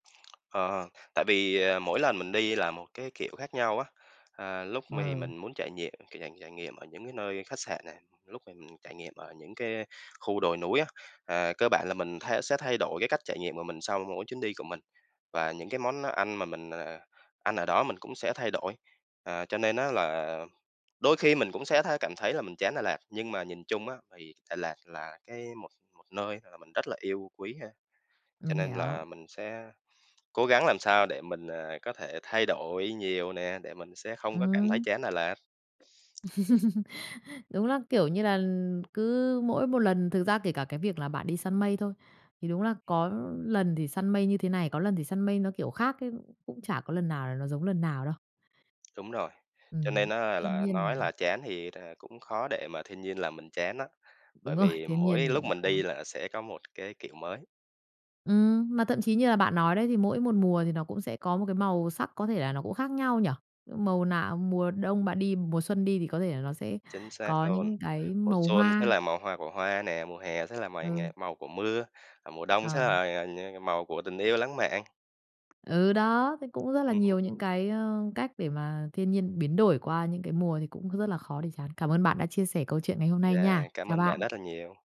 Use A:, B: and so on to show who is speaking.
A: Ờ hờ, tại vì, ờ, mỗi lần mình đi là một cái kiểu khác nhau á. À, lúc mì thì
B: Ừ.
A: mình muốn trải nghiệm, cái dạng trải nghiệm ở những cái nơi khách sạn này, lúc mà mình trải nghiệm ở những cái, a, khu đồi núi á. À, cơ bản là mình tha sẽ thay đổi cái cách trải nghiệm mà mình sau mỗi chuyến đi của mình, và những cái món ăn mà mình, à, à, ăn ở đó mình cũng sẽ thay đổi. Ờ, cho nên á là, đôi khi mình cũng sẽ tha cảm thấy là mình chán Đà Lạt, nhưng mà nhìn chung á thì Đà Lạt là cái một một nơi là là mình rất là yêu quý ha. Cho
B: Mình
A: nên
B: hiểu.
A: là mình sẽ cố gắng làm sao để mình, ờ, có thể thay đổi nhiều nè, để mình sẽ không có cảm thấy
B: Ừm.
A: chán Đà Lạt.
B: Đúng là, kiểu như là, ừm, cứ mỗi một lần thực ra kể cả cái việc là bạn đi săn mây thôi, thì đúng là có lần thì săn mây như thế này, có lần săn mây nó kiểu khác ấy, cũng chả có lần nào là nó giống lần nào đâu.
A: Đúng rồi, cho nên
B: Ừm,
A: á
B: thanh
A: là
B: niên,
A: nói
B: ừm.
A: là chán thì tà cũng khó để mà thiên nhiên làm mình chán á.
B: Đúng
A: Bởi
B: rồi,
A: vì
B: thiên nhiên
A: mỗi
B: thì
A: lúc
B: cũng
A: mình đi
B: khó.
A: là sẽ có một cái kiểu mới.
B: Ừm, mà thậm chí như là bạn nói đấy thì mỗi một mùa thì nó cũng sẽ có một cái màu sắc có thể là nó cũng khác nhau nhỉ? Màu nào, mùa đông bạn đi, mùa xuân đi thì có thể là nó sẽ
A: Chính xác
B: có
A: luôn,
B: những cái
A: mùa
B: màu
A: xuân sẽ
B: hoa.
A: là màu hoa của hoa nè, mùa hè sẽ là mọi
B: Ừ.
A: ngày màu của mưa, à, mùa đông sẽ
B: Ờm.
A: là, à, như màu của tình yêu lãng mạn.
B: Ừ, đó, thấy cũng rất là
A: Ừm
B: nhiều
A: hưm
B: những
A: [unintelligible]
B: cái, a, cách để mà thiên nhiên biến đổi qua những cái mùa thì cũng rất rất là khó để chán. Cảm ơn bạn đã chia sẻ câu chuyện ngày hôm nay nha.
A: Yeah, cảm
B: Chào
A: ơn bạn
B: bạn.
A: rất là nhiều.